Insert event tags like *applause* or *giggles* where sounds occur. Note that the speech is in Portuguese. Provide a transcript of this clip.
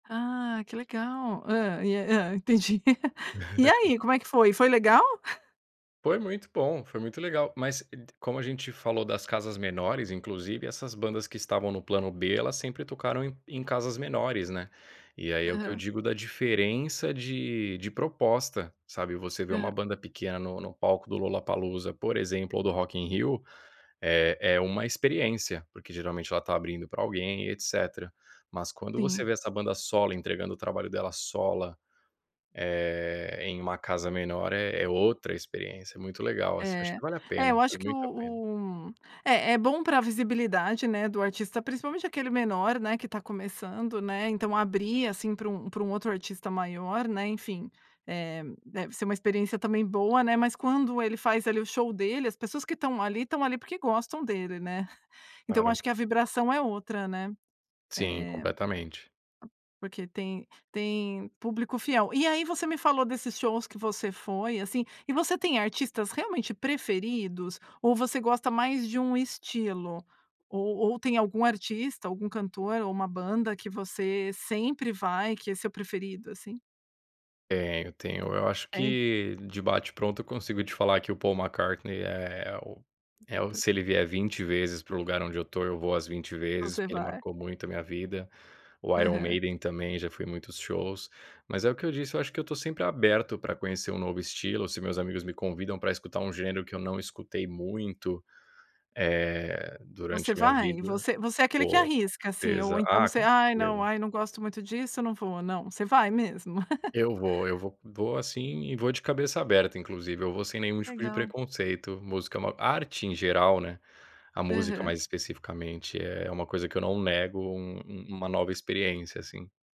Ah, que legal. Hã? E a Hã? Entendi. *giggles* E *giggles* aí, como é que foi? Foi legal? *chuckles* Foi muito bom, foi muito legal, mas, como a gente falou das casas menores, inclusive essas bandas que estavam no plano B, elas sempre tocaram em em casas menores, né, e aí é o que eu Aham. digo da diferença de de proposta, sabe? Você vê uma Aha banda pequena no no palco do Lollapalooza, por exemplo, ou do Rock in Rio, é é uma experiência, porque, geralmente, ela está abrindo pra alguém e etcetera. Mas quando você Sim. vê essa banda solo entregando o trabalho dela sola, eh, em uma casa menor é é outra experiência, é muito legal, assim, eu acho É. que vale a É, pena, eu acho vale que o muito a pena. o É, é bom pra visibilidade, né, do artista, principalmente aquele menor, né, que está começando, né? Então, abrir, assim, para um para um outro artista maior, né, enfim, eh, deve ser uma experiência também boa, né, mas quando ele faz ali o show dele, as pessoas que estão ali, estão ali porque gostam dele, né? *chuckles* Então, eu acho Claro. que a vibração é outra, né? Eh, Sim, completamente. porque tem tem público fiel. E aí você me falou desses shows que você foi, assim, e você tem artistas realmente preferidos? Ou você gosta mais de um estilo? Ou ou tem algum artista, algum cantor ou uma banda que você sempre vai, que é seu preferido, assim? Tenho, tenho. Eu acho É? que de bate pronto eu consigo te falar que o Paul McCartney é o o É é o o se ele preferido. vier 20 vezes para o lugar onde eu estou eu vou as 20 vezes Você porque ele vai. marcou muito a minha vida, o Iron Aham. Maiden também, já fui em muitos shows. Mas é o que eu disse, eu acho que eu estou sempre aberto pra conhecer um novo estilo, se meus amigos me convidam pra escutar um gênero que eu não escutei muito, eh, durante Você a minha vai? vida, Você você é aquele que vou com arrisca, assim, ou certeza. então Ah, você: com "Ai, não. certeza. Ai, não gosto muito disso, eu não vou, não." Você vai mesmo? *giggles* Eu vou, eu vou vou assim e vou de cabeça aberta, inclusive. Eu vou sem nenhum tipo de Legal. preconceito, música é uma arte em geral, né, a música Aham. mais especificamente é uma coisa que eu não nego um um uma nova experiência assim.